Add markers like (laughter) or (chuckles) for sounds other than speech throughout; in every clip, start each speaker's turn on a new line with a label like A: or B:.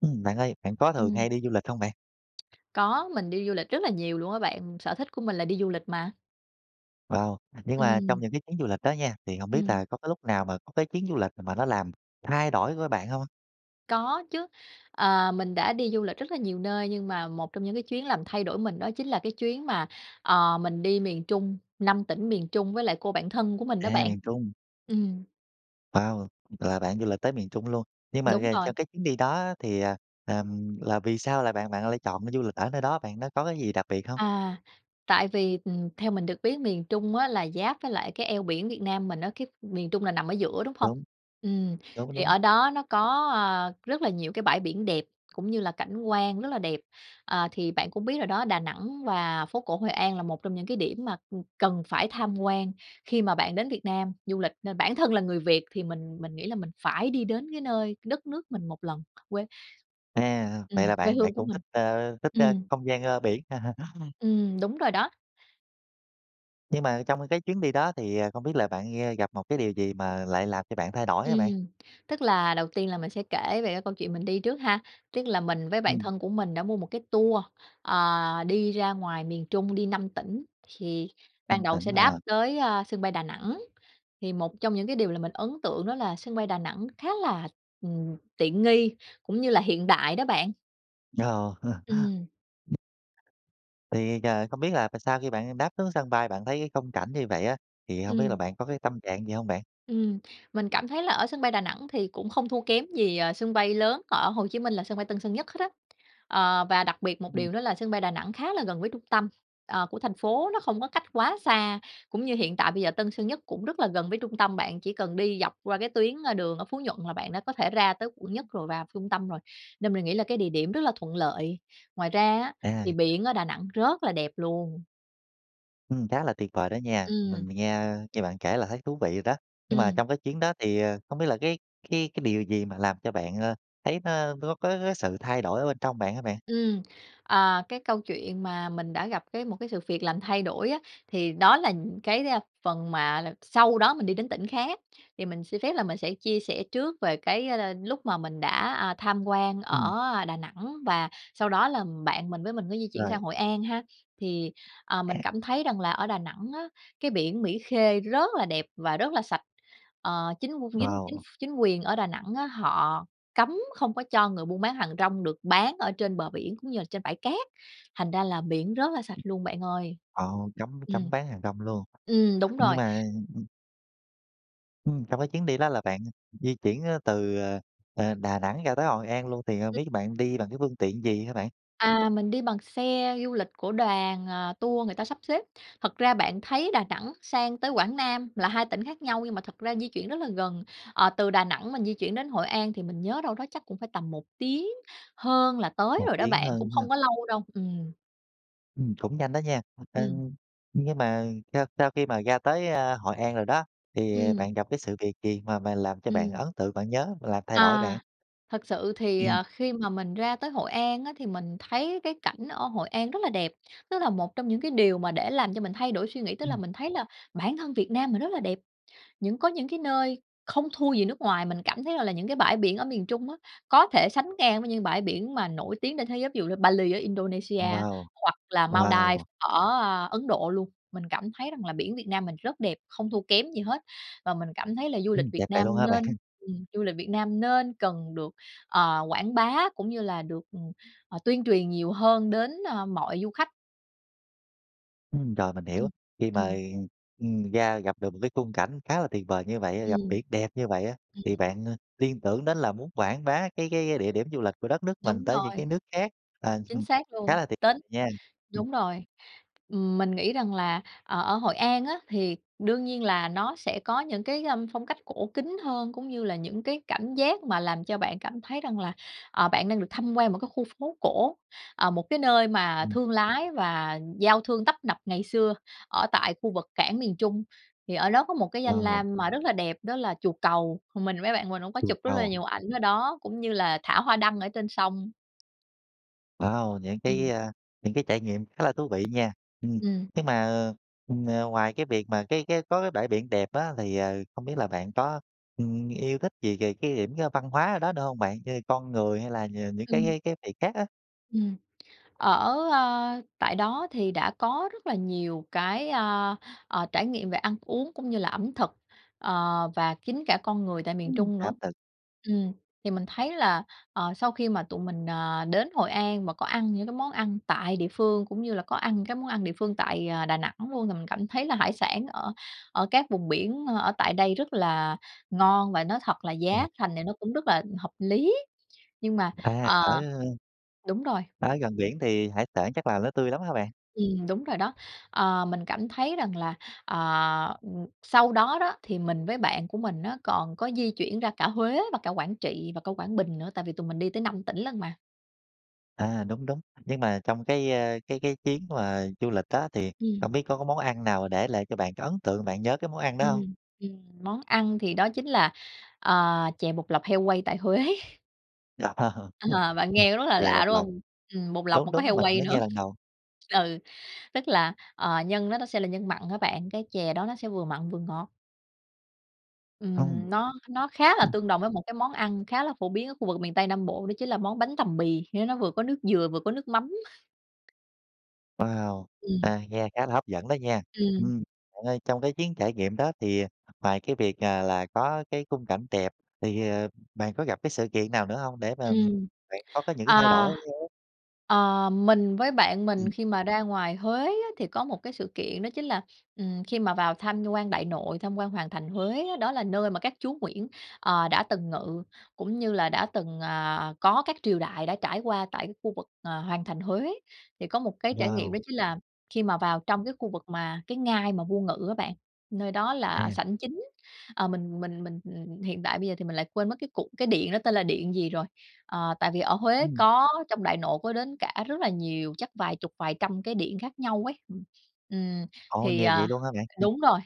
A: Ừm, bạn ơi, bạn có thường hay
B: Ừm.
A: đi du lịch hông bạn?
B: Có, mình đi du lịch rất là nhiều luôn á bạn, sở thích của mình là đi du lịch mà.
A: Wow! Nhưng mà trong
B: Ừm.
A: những chuyến du lịch đó nha, thì hổng biết
B: Ừm.
A: là có cái lúc nào mà có cái chuyến du lịch mà nó làm thay đổi của á bạn hông?
B: Có chứ. Ờ, mình đã đi du lịch rất là nhiều nơi, nhưng mà một trong những cái chuyến làm thay đổi mình đó chính là cái chuyến mà, ờ, mình đi miền Trung, 5 tỉnh miền Trung với lại cô bạn thân của mình đó
A: À,
B: bạn.
A: miền Trung.
B: Ừm.
A: Wow! Là bạn du lịch tới miền Trung luôn? Nhưng mà
B: Đúng rồi.
A: (unintelligible) cho chuyến đi đó á thì, à, ừm, là vì sao lại bạn bạn lại chọn, ờ, du lịch ở nơi đó bạn, nó có cái gì đặc biệt hông?
B: À, tại vì, ừm, theo mình được biết miền Trung á là giáp với lại cái eo biển Việt Nam mình á, cái miền Trung là nằm ở giữa, đúng hông?
A: Đúng.
B: Ừm,
A: Đúng,
B: thì
A: đúng.
B: ở đó nó có, a, rất là nhiều cái bãi biển đẹp cũng như là cảnh quan rất là đẹp. Ờ, thì bạn cũng biết rồi đó, Đà Nẵng và phố cổ Hội An là một trong những cái điểm mà, ừm, cần phải tham quan khi mà bạn đến Việt Nam du lịch, nên bản thân là người Việt thì mình mình nghĩ là mình phải đi đến cái nơi đất nước mình 1 lần, quê
A: À, vậy
B: ừm,
A: là
B: quê
A: bạn bạn
B: hương của
A: cũng
B: mình.
A: thích, ơ, thích, ơ,
B: Ừm.
A: không gian, ơ, biển à hả? (laughs)
B: Ừm, đúng rồi đó.
A: Nhưng mà trong cái chuyến đi đó thì, à, không biết là bạn, ơ, gặp một cái điều gì mà lại làm cho bạn thay đổi hả bạn?
B: Ừm, tức là đầu tiên là mình sẽ kể về cái câu chuyện mình đi trước ha, tức là mình với bạn
A: Ừm.
B: thân của mình đã mua một cái tour, ờ, đi ra ngoài miền Trung, đi 5 tỉnh. Thì ban
A: 5
B: đầu
A: tỉnh,
B: sẽ đáp
A: ờ.
B: tới, a, sân bay Đà Nẵng, thì một trong những cái điều làm mình ấn tượng đó là sân bay Đà Nẵng khá là, ừm, tiện nghi, cũng như là hiện đại đó bạn.
A: Ồ!
B: Ừm.
A: (laughs) Thì giờ không biết là mà sau khi bạn đáp xuống sân bay bạn thấy cái khung cảnh như vậy á, thì hông biết là
B: Ừm.
A: bạn có cái tâm trạng gì hông bạn?
B: Ừm. Mình cảm thấy là ở sân bay Đà Nẵng thì cũng không thua kém gì, ờ, sân bay lớn ở Hồ Chí Minh là sân bay Tân Sơn Nhất hết á. Ờ, và đặc biệt một
A: Ừm.
B: điều nữa là sân bay Đà Nẵng khá là gần với trung tâm, ờ, của thành phố, nó không có cách quá xa, cũng như hiện tại bây giờ Tân Sơn Nhất cũng rất là gần với trung tâm, bạn chỉ cần đi dọc qua cái tuyến, ơ, đường ở Phú Nhuận là bạn đã có thể ra tới Quận Nhất rồi, vào trung tâm rồi nên mình nghĩ là cái địa điểm rất là thuận lợi, ngoài ra á thì
A: À.
B: biển ở Đà Nẵng rất là đẹp luôn.
A: Ừm, khá là tuyệt vời đó nha,
B: Ừm.
A: mình mình nghe, ơ, nghe bạn kể là thấy thú vị rồi đó, nhưng mà
B: Ừm.
A: trong cái chuyến đó thì, à, không biết là cái cái cái điều gì mà làm cho bạn, ơ, thấy nó, ơ, nó có có sự thay đổi ở bên trong bạn hả bạn?
B: Ừm, ờ, cái câu chuyện mà mình đã gặp cái một cái sự việc làm thay đổi á thì đó là những cái, a, phần mà là sau đó mình đi đến tỉnh khác thì mình xin phép là mình sẽ chia sẻ trước về cái, a, a, lúc mà mình đã, à, tham quan
A: Ừm.
B: ở, a, Đà Nẵng và sau đó là bạn mình với mình có di chuyển sang
A: Rồi.
B: Hội An ha. Thì, à, mình cảm thấy rằng là ở Đà Nẵng á, cái biển Mỹ Khê rất là đẹp và rất là sạch. Ờ, chính qu chính chính
A: Wow!
B: ph chính quyền ở Đà Nẵng á họ cấm không có cho người buôn bán hàng rong được bán ở trên bờ biển cũng như là trên bãi cát, thành ra là biển rất là sạch luôn bạn ơi.
A: Ồ, cấm
B: Ừm.
A: cấm bán hàng rong luôn.
B: Ừm, đúng
A: Nhưng
B: rồi.
A: mà ừm. Ừm, trong cái chuyến đi đó là bạn di chuyển á từ, à, à, Đà Nẵng ra tới Hội An luôn thì không
B: (unintelligible)
A: biết bạn đi bằng cái phương tiện gì ha bạn?
B: À, mình đi bằng xe du lịch của đoàn, à, tour người ta sắp xếp. Thật ra bạn thấy Đà Nẵng sang tới Quảng Nam là 2 tỉnh khác nhau nhưng mà thật ra di chuyển rất là gần. Ờ, từ Đà Nẵng mình di chuyển đến Hội An thì mình nhớ đâu đó chắc cũng phải tầm 1 tiếng hơn là tới
A: 1
B: rồi đó
A: tiếng
B: bạn, cũng
A: hơn ha.
B: không có lâu đâu, ừm.
A: Ừm, cũng nhanh đó nha. Ơ,
B: Ừm.
A: nhưng mà sau sau khi mà ra tới, a, Hội An rồi đó thì
B: Ừm.
A: bạn gặp cái sự việc gì mà mà làm cho bạn
B: Ừm.
A: ấn tượng bạn nhớ, mà làm thay đổi
B: À,
A: bạn?
B: thật sự thì,
A: Ừm.
B: à, khi mà mình ra tới Hội An á thì mình thấy cái cảnh ở Hội An rất là đẹp, nó là một trong những cái điều mà để làm cho mình thay đổi suy nghĩ. Tức là
A: Ừm.
B: mình thấy là bản thân Việt Nam mình rất là đẹp, những có những cái nơi không thua gì nước ngoài, mình cảm thấy rằng là những cái bãi biển ở miền Trung á có thể sánh ngang với những bãi biển mà nổi tiếng trên thế giới ví dụ như Bali ở Indonesia,
A: Wow,
B: hoặc là Maldives
A: wow!
B: ở, a, Ấn Độ luôn. Mình cảm thấy rằng là biển Việt Nam mình rất đẹp, không thua kém gì hết và mình cảm thấy là du lịch
A: Ừm,
B: Việt
A: đẹp vậy
B: Nam
A: luôn hả bạn?
B: nên ừm, du lịch Việt
A: (laughs)
B: nam nên cần được, ờ, quảng bá cũng như là được, ừm, ờ, tuyên truyền nhiều hơn đến, ơ, mọi du khách.
A: Ừm, rồi, mình hiểu,
B: Ừm,
A: khi mà,
B: ừm.
A: ừm, ừm, ra gặp được một cái khung cảnh khá là tuyệt vời như vậy á,
B: Ừm,
A: gặp biển đẹp như vậy á
B: ừm
A: thì
B: hưm.
A: bạn, a, liên tưởng đến là muốn quảng bá cái cái địa điểm du lịch của đất nước mình
B: Đúng
A: tới những
B: rồi.
A: cái nước khác, ờ, ừm
B: Chính
A: hừm,
B: xác luôn,
A: khá là tuyệt
B: tính
A: nha. Ừm.
B: đúng rồi, ừm, mình nghĩ rằng là, ờ, ở Hội An á thì đương nhiên là nó sẽ có những cái, a, ưm, phong cách cổ kính hơn, cũng như là những cái cảm giác mà làm cho bạn cảm thấy rằng là, ờ, bạn đang được thăm quan một cái khu phố cổ, à, một cái nơi mà
A: Ừm.
B: thương lái và giao thương tấp nập ngày xưa ở tại khu vực cảng miền Trung. Thì ở đó có một cái danh
A: Wow.
B: lam mà rất là đẹp đó là chùa Cầu, mình với bạn mình cũng có
A: Chùa
B: chụp rất là
A: Cầu.
B: nhiều ảnh ở đó cũng như là thả hoa đăng ở trên sông.
A: Wow, những
B: Ừm.
A: cái, a, những cái trải nghiệm khá là thú vị nha, ừm,
B: Ừm.
A: nhưng mà, ờ, ờ, ừm, ờ, ngoài cái việc mà cái cái có cái bãi biển đẹp á thì, ờ, không biết là bạn có, ừm, yêu thích gì về cái điểm văn hóa ở đó nữa hông bạn, như là con người hay là nh những cái
B: Ừm.
A: cái cái cái việc khác á?
B: Ừm. Ở, a, tại đó thì đã có rất là nhiều cái, a, à, trải nghiệm về ăn uống, cũng như là ẩm thực, ờ, và chính cả con người tại miền
A: Ừm,
B: Trung nữa.
A: áp lực.
B: Ừm, thì mình thấy là, ờ, sau khi mà tụi mình, à, đến Hội An và có ăn những món ăn tại địa phương cũng như là có ăn những cái món ăn địa phương tại, à, Đà Nẵng luôn, thì mình cảm thấy là hải sản ở ở các vùng biển ở tại đây rất là ngon và nói thật là giá thành
A: (unintelligible)
B: thì nó cũng rất là hợp lý, nhưng mà
A: À, ở,
B: ờ,
A: ơ,
B: đúng rồi.
A: ở gần biển thì hải sản chắc là nó tươi lắm hả bạn?
B: Ừm, đúng rồi đó. Ờ, mình cảm thấy rằng là, ờ, ừm, sau đó đó thì mình với bạn của mình nó còn có di chuyển ra cả Huế và cả Quảng Trị và cả Quảng Bình nữa. Tại vì tụi mình đi tới 5 tỉnh lận mà.
A: À, đúng, đúng, nhưng mà trong cái, a, cái cái chuyến mà du lịch đó thì
B: Ừm.
A: hổng biết có có món ăn nào để lại cho bạn cái ấn tượng bạn nhớ cái món ăn đó hông?
B: Ừm, ừm, món ăn thì đó chính là, ờ, chè bột lọc heo quay tại Huế.
A: (laughs)
B: Ờ, bạn nghe nó rất là
A: Chè
B: lạ,
A: bột
B: đúng
A: lọc.
B: hông? Ừm, bột lọc
A: Đúng,
B: mà có
A: đúng,
B: heo
A: mình
B: quay
A: mới
B: nữa.
A: nghe lần đầu.
B: Ừ, tức là, ờ, nhân nó nó sẽ là nhân mặn á bạn, cái chè đó nó sẽ vừa mặn vừa ngọt. Ừm, nó nó khá là
A: (unintelligible)
B: tương đồng với một cái món ăn khá là phổ biến ở khu vực miền Tây Nam Bộ đó chính là món bánh tằm bì, nghé nó vừa có nước dừa vừa có nước mắm.
A: Wow!
B: Ừm.
A: À, nghe khá là hấp dẫn đó nha,
B: Ừm.
A: ừm, bạn ơi, trong cái chuyến trải nghiệm đó thì, à, ngoài cái việc, à, là có cái khung cảnh đẹp thì, ờ, bạn có gặp cái sự kiện nào nữa hông để mà, ừm,
B: Ừm,
A: bạn có có những thay đổi
B: à,
A: đáng nhớ?
B: ờ, mình với bạn mình
A: Ừm.
B: khi mà ra ngoài Huế á thì có một cái sự kiện đó chính là, ừm, khi mà vào tham quan Đại Nội, tham quan Hoàng Thành Huế đó là nơi mà các chúa Nguyễn, ờ, đã từng ngự, cũng như là đã từng, à, có các triều đại đã trải qua tại cái khu vực, à, Hoàng thành Huế. Thì có một cái trải nghiệm đó
A: Wow!
B: chính là khi mà vào trong cái khu vực mà cái ngai mà vua ngự á bạn, nơi đó
A: À.
B: là sảnh chính. Ờ, mình mình mình, ừm, ừm, hiện tại bây giờ thì mình lại quên mất cái cụ cái điện đó tên là điện gì rồi. Ờ, tại vì ở Huế
A: Ừm.
B: có trong Đại Nội có đến cả rất là nhiều, chắc vài chục, vài trăm cái điện khác nhau ấy. Ừm, ừm,
A: Ồ,
B: thì,
A: nhiều
B: à
A: vậy luôn hả bạn?
B: đúng rồi,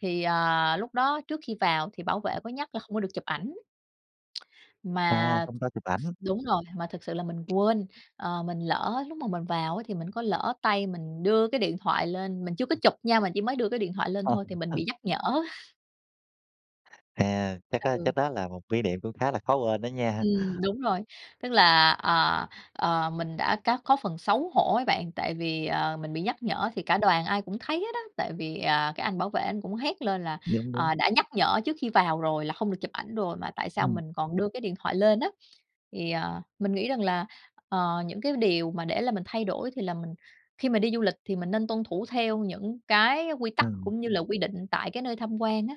B: thì, à, lúc đó trước khi vào thì bảo vệ có nhắc là hông có được chụp ảnh.
A: À,
B: Mà
A: không cho chụp ảnh.
B: đúng rồi, mà thật sự là mình quên, ờ, mình lỡ, lúc mà mình vào thì mình có lỡ tay mình đưa cái điện thoại lên. Mình chưa có chụp nha, mình chỉ mới đưa cái điện thoại lên thôi thì mình bị
A: (unintelligible)
B: nhắc nhở. (chuckles)
A: À. Chắc, ơ,
B: Ừ.
A: chắc đó là một kỷ niệm cũng khá là khó quên đó nha.
B: Ừm. Đúng rồi. Tức là, ờ, ờ, mình đã cá có phần xấu hổ ấy bạn. Tại vì, ờ, mình bị nhắc nhở thì cả đoàn ai cũng thấy hết đó, tại vì, à, cái anh bảo vệ anh cũng hét lên là,
A: Đúng, đúng.
B: ờ, đã nhắc nhở trước khi vào rồi là hông được chụp ảnh rồi mà tại sao
A: Ừm.
B: mình còn đưa cái điện thoại lên á. Thì, ờ, mình nghĩ rằng là, ờ, những cái điều mà để là mình thay đổi, thì là mình khi mà đi du lịch thì mình nên tuân thủ theo những cái quy tắc
A: Ừ.
B: cũng như là quy định tại cái nơi tham quan á.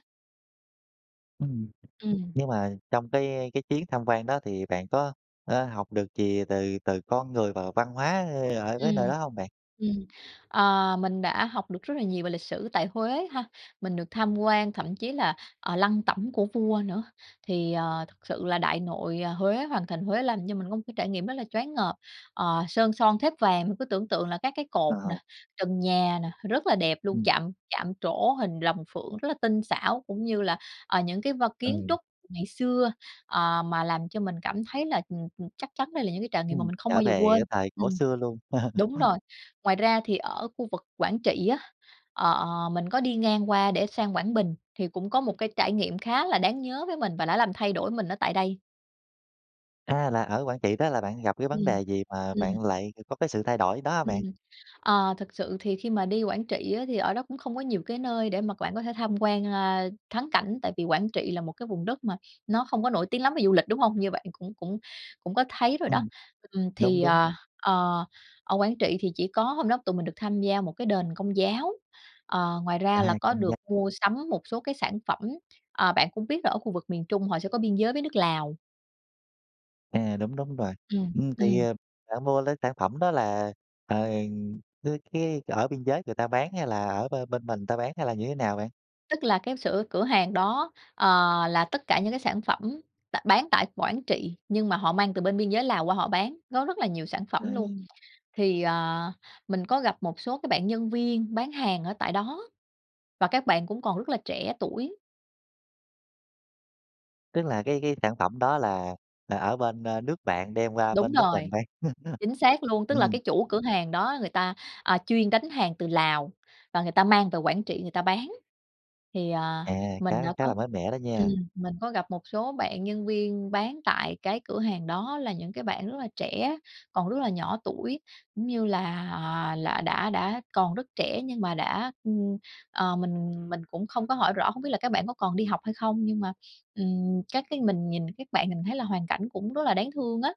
A: Ừm.
B: Ừm.
A: Với lại trong cái cái chuyến tham quan đó thì bạn có, ơ, học được gì từ từ con người và văn hóa ở cái nơi
B: Ừm,
A: đó hông bạn?
B: ừm. Ờ, mình đã học được rất là nhiều về lịch sử tại Huế ha, mình được tham quan, thậm chí là, ờ, lăng tẩm của vua nữa. Thì, ờ, thật sự là Đại Nội, ờ, Huế, Hoàng Thành Huế làm cho mình có một cái trải nghiệm rất là choáng ngợp. Ờ, sơn son thếp vàng, cứ tưởng tượng là các cái cột nè,
A: Ờ.
B: trần nhà nè, rất là đẹp luôn,
A: Ừm.
B: chạm chạm trổ hình rồng phượng, rất là tinh xảo. Cũng như là, ờ, những cái vân kiến
A: Ừ.
B: trúc ngày xưa, ờ, mà làm cho mình cảm thấy là, ừm, ừm, chắc chắn đây là những cái trải nghiệm mà
A: Ừm.
B: mình không
A: Trở
B: bao giờ
A: về cái
B: quên.
A: thời cổ
B: Ừm.
A: xưa luôn.
B: Đúng
A: (laughs)
B: rồi. Ngoài ra thì ở khu vực Quảng Trị á, ờ, mình có đi ngang qua để sang Quảng Bình, thì cũng có một cái trải nghiệm khá là đáng nhớ với mình và đã làm thay đổi mình ở tại đây.
A: A, là ở Quảng Trị đó là bạn gặp cái vấn
B: Ừm.
A: đề gì mà
B: Ừm.
A: bạn lại c có cái sự thay đổi đó hả bạn?
B: Ừm. Ờ, thật sự thì khi mà đi Quảng Trị á, thì ở đó cũng không có nhiều cái nơi để mà bạn có thể tham quan, ơ, thắng cảnh. Tại vì Quảng Trị là một cái vùng đất mà nó không có nổi tiếng lắm về du lịch, đúng hông? Như bạn cũng cũng cũng có thấy rồi đó.
A: Ừm,
B: Ừm,
A: đúng,
B: thì,
A: đúng.
B: à, ờ, ở Quảng Trị thì chỉ có hôm đó tụi mình được tham gia một cái đền Công giáo. Ờ, ngoài
A: À,
B: ra là có
A: Công
B: được
A: giáo.
B: mua sắm một số cái sản phẩm, ờ, bạn cũng biết là ở khu vực miền Trung họ sẽ có biên giới với nước Lào.
A: À, đúng, đúng rồi.
B: Ừm,
A: Ừm, thì,
B: ừm.
A: ờ, bạn mua lấy sản phẩm đó là, ờ, cái cái ở biên giới người ta bán hay là ở bên bên mình ta bán? Hay là như thế nào bạn?
B: Tức là cái sửa cửa hàng đó, ờ, là tất cả những cái sản phẩm tại b bán tại Quảng Trị, nhưng mà họ mang từ bên biên giới Lào qua họ bán, có rất là nhiều sản phẩm luôn.
A: Ừm.
B: Thì, ờ, mình có gặp một số cái bạn nhân viên bán hàng ở tại đó, và các bạn cũng còn rất là trẻ tuổi.
A: Tức là cái cái sản phẩm đó là là ở bên, ơ, nước bạn đem qua
B: Đúng
A: bên nước
B: rồi.
A: mình bán. (chuckles)
B: Chính xác luôn. Tức là
A: Ừm.
B: cái chủ cửa hàng đó người ta, à, chuyên đánh hàng từ Lào, và người ta mang về Quảng Trị người ta bán. Thì, ờ,
A: À,
B: mình
A: khá
B: đã
A: khá là
B: có
A: mới mẻ đó
B: ừm,
A: nha.
B: mình có gặp một số bạn nhân viên bán tại cái cửa hàng đó. Là những cái bạn rất là trẻ còn rất là nhỏ tuổi, cũng như là, ờ, là đã đã còn rất trẻ, nhưng mà đã ừm, ờ, mình mình cũng không có hỏi rõ, hông biết là các bạn có còn đi học hay không? Nhưng mà, ừm, các cái mình nhìn các bạn mình thấy là hoàn cảnh cũng rất là đáng thương á.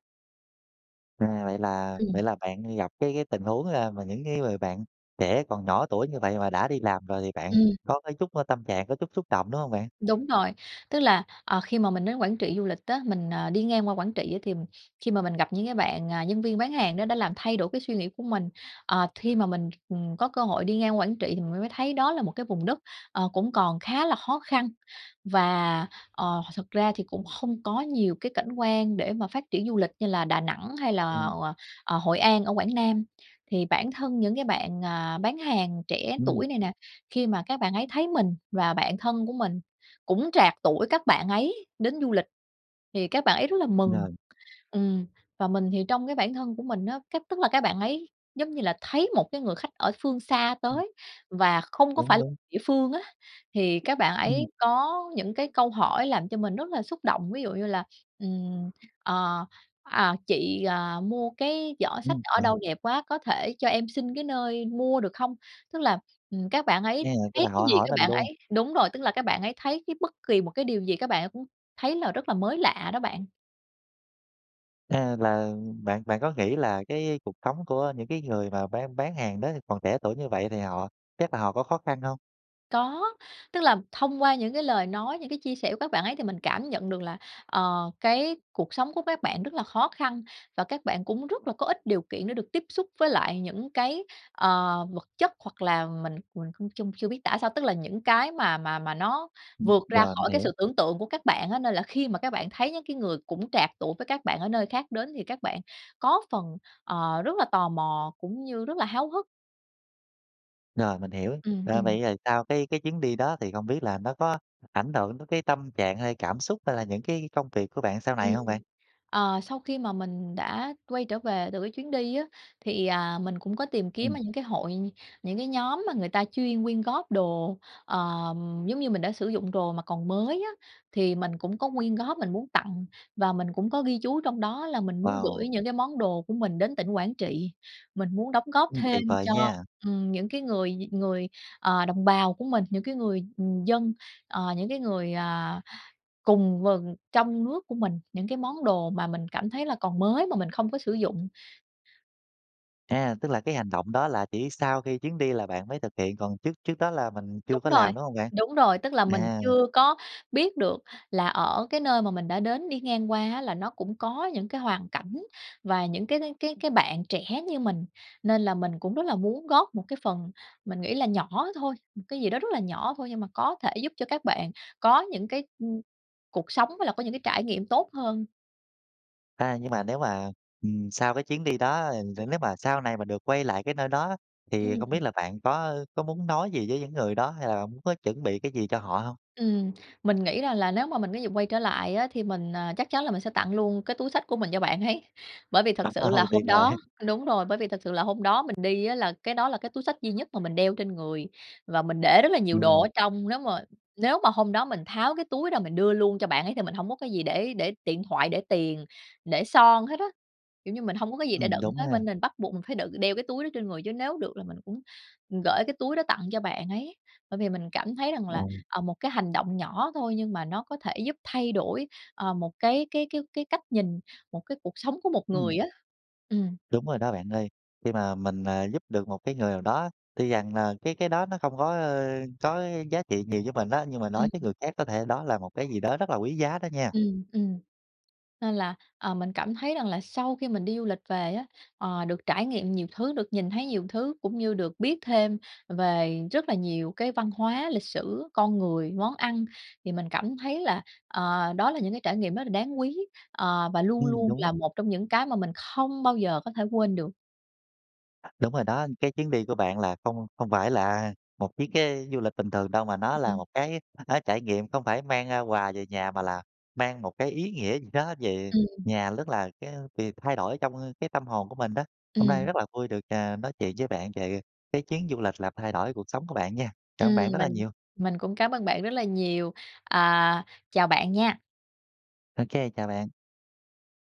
A: À, vậy là
B: Ừm.
A: vậy là bạn gặp cái cái tình huống, a, mà những cái người bạn trẻ còn nhỏ tuổi như vậy mà đã đi làm rồi thì bạn
B: Ừm.
A: có cái chút, a, tâm trạng có chút xúc động, đúng hông bạn?
B: Đúng rồi. Tức là, ờ, khi mà mình đến Quảng Trị du lịch á, mình, ờ, đi ngang qua Quảng Trị thì khi mà mình gặp những cái bạn, ờ, nhân viên bán hàng đó đã làm thay đổi cái suy nghĩ của mình. Ờ, thi mà mình, ừm, có cơ hội đi ngang Quảng Trị thì mình mới thấy đó là một cái vùng đất, ờ, cũng còn khá là khó khăn, và, ờ, th thật ra thì cũng không có nhiều cái cảnh quan để mà phát triển du lịch như là Đà Nẵng hay là,
A: Ừm.
B: ờ, ờ, Hội An ở Quảng Nam. Thì bản thân những cái bạn, à, bán hàng trẻ
A: Ừm.
B: tuổi này nè, khi mà các bạn ấy thấy mình và bạn thân của mình cũng trạc tuổi các bạn ấy đến du lịch thì các bạn ấy rất là mừng,
A: Rồi.
B: ừm. Và mình thì trong cái bản thân của mình á, cách tức là các bạn ấy giống như là thấy một cái người khách ở phương xa
A: Ừm.
B: tới và không có phải
A: Đúng,
B: là
A: đúng.
B: địa phương á, thì các bạn
A: Ừm.
B: ấy có những cái câu hỏi làm cho mình rất là xúc động. Ví dụ như là, ừm, ờ, à, "Chị, ờ, mua cái giỏ xách
A: Ừm,
B: ở
A: đúng.
B: đâu đẹp quá? Có thể cho em xin cái nơi mua được không?" Tức là, ừm, các bạn
A: À,
B: ấy
A: tức
B: thấy
A: là
B: cái
A: họ
B: gì
A: hỏi
B: các
A: mình
B: bạn
A: luôn.
B: ấy đúng rồi, tức là các bạn ấy thấy cái bất kì một cái điều gì các bạn ấy cũng thấy là rất là mới lạ đó bạn.
A: À, là bạn bạn có nghĩ là cái cuộc sống của những cái người mà bán bán hàng đó còn trẻ tuổi như vậy thì họ chắc là họ có khó khăn hông?
B: Có. Tức là thông qua những cái lời nói, những cái chia sẻ của các bạn ấy thì mình cảm nhận được là, ờ, cái cuộc sống của các bạn rất là khó khăn, và các bạn cũng rất là có ít điều kiện được tiếp xúc với lại những cái, ờ, vật chất hoặc là mình mình cũng chung chưa biết tả sao. Tức là những cái mà mà mà nó
A: Ừm.
B: vượt ra
A: Rồi, mình
B: khỏi cái
A: hiểu.
B: sự tưởng tượng của các bạn á, nên là khi mà các bạn thấy những cái người cũng trạc tuổi với các bạn ở nơi khác đến thì các bạn có phần, ờ, rất là tò mò cũng như rất là háo hức.
A: Rồi, mình hiểu.
B: Ừm,
A: À,
B: ừm.
A: vậy rồi sau cái cái chuyến đi đó thì không biết là nó có ảnh hưởng đến cái tâm trạng hay cảm xúc hay là những cái công việc của bạn sau này
B: Ừm.
A: hông bạn?
B: Ờ, sau khi mà mình đã quay trở về từ cái chuyến đi á, thì, à, mình cũng có tìm kiếm
A: Ừm.
B: ở những cái hội, những cái nhóm mà người ta chuyên quyên góp đồ, ờm, giống như mình đã sử dụng đồ mà còn mới á, thì mình cũng có quyên góp, mình muốn tặng và mình cũng có ghi chú trong đó là mình muốn
A: Wow.
B: gửi những cái món đồ của mình đến tỉnh Quảng Trị. Mình muốn đóng góp
A: Ừm, tuyệt
B: thêm
A: vời
B: cho,
A: nha.
B: ừm, những cái người người, ờ, đồng bào của mình, những người, ừm, dân, ờ, những cái người, à, cùng vần trong nước của mình những cái món đồ mà mình cảm thấy là còn mới mà mình không có sử dụng.
A: À, tức là cái hành động đó là chỉ sau khi chuyến đi là bạn mới thực hiện, còn trước trước đó là mình
B: Đúng
A: chưa có
B: rồi.
A: làm, đúng hông bạn?
B: Đúng rồi. Tức là mình
A: À.
B: chưa có biết được là ở cái nơi mà mình đã đến đi ngang qua á, là nó cũng có những cái hoàn cảnh và những cái cái cái cái bạn trẻ như mình. Nên là mình cũng rất là muốn góp một cái phần, mình nghĩ là nhỏ thôi, một cái gì đó rất là nhỏ thôi nhưng mà có thể giúp cho các bạn có những cái, ưm, cuộc sống với lại có những trải nghiệm tốt hơn.
A: À, nhưng mà nếu mà, ừm, sau cái chuyến đi đó, ơ,
B: Ừm.
A: nếu mà sau này mà được quay lại cái nơi đó thì không
B: Ừm.
A: biết là bạn có có muốn nói gì với những người đó hay là muốn chuẩn bị cái gì cho họ hông?
B: Ừm. Mình nghĩ ra là nếu mà mình có dịp quay trở lại á, thì mình, à, chắc chắn là mình sẽ tặng luôn cái túi xách của mình cho bạn ấy. Bởi vì thật sự là
A: (laughs) Tuyệt
B: hôm
A: vời.
B: đó
A: (chuckles)
B: đúng rồi, bởi vì thật sự là hôm đó mình đi á, là cái đó là cái túi xách duy nhất mà mình đeo trên người, và mình để rất là nhiều đồ
A: Ừm.
B: ở trong. Nếu mà nếu mà hôm đó mình tháo cái túi ra mình đưa luôn cho bạn ấy thì mình hổng có cái gì để để điện thoại, để tiền, để son hết á. Kiểu như, mình hông có cái gì để
A: Ừm,
B: đựng
A: đúng
B: hết
A: ha.
B: bên nên mình bắt buộc mình phải đựng đeo cái túi đó trên người, chứ nếu được là mình cũng gửi cái túi đó tặng cho bạn ấy. Bởi vì mình cảm thấy rằng là,
A: Ừm.
B: ờ, một cái hành động nhỏ thôi nhưng mà nó có thể giúp thay đổi, ờ, một cái cái cái cái cách nhìn, một cái cuộc sống của một
A: Ừm.
B: người á. Ừm.
A: Đúng rồi đó bạn ơi. Khi mà mình, à, giúp được một cái người nào đó, tuy rằng là cái cái đó nó không có, ơ, có giá trị nhiều với mình á, nhưng mà
B: Ừm.
A: đối với người khác có thể đó là một cái gì đó rất là quý giá đó nha.
B: Ừm, ừm. Nên là, ờ, mình cảm thấy rằng là sau khi mình đi du lịch về á, ờ, được trải nghiệm nhiều thứ, được nhìn thấy nhiều thứ cũng như được biết thêm về rất là nhiều cái văn hóa, lịch sử, con người, món ăn. Thì mình cảm thấy là, ờ, đó là những cái trải nghiệm rất là đáng quý, ờ, và luôn
A: Ừm,
B: luôn
A: đúng.
B: là một trong những cái mà mình không bao giờ có thể quên được.
A: Đúng rồi đó. Cái chuyến đi của bạn là không không phải là, à, một chuyến cái du lịch bình thường đâu, mà nó là một
B: (unintelligible)
A: cái, á, trải nghiệm không phải mang, a, quà về nhà mà là mang một cái ý nghĩa gì đó về
B: Ừm.
A: nhà, nhất là cái việc thay đổi trong, ơ, cái tâm hồn của mình đó. Hôm nay
B: Ừm.
A: rất là vui được, à, nói chuyện với bạn về cái chuyến du lịch làm thay đổi cuộc sống của bạn nha. Cảm ơn bạn
B: Ừm,
A: rất là
B: mình
A: nhiều.
B: mình cũng cám ơn bạn rất là nhiều. Ờ, chào bạn nha.
A: OK, chào bạn.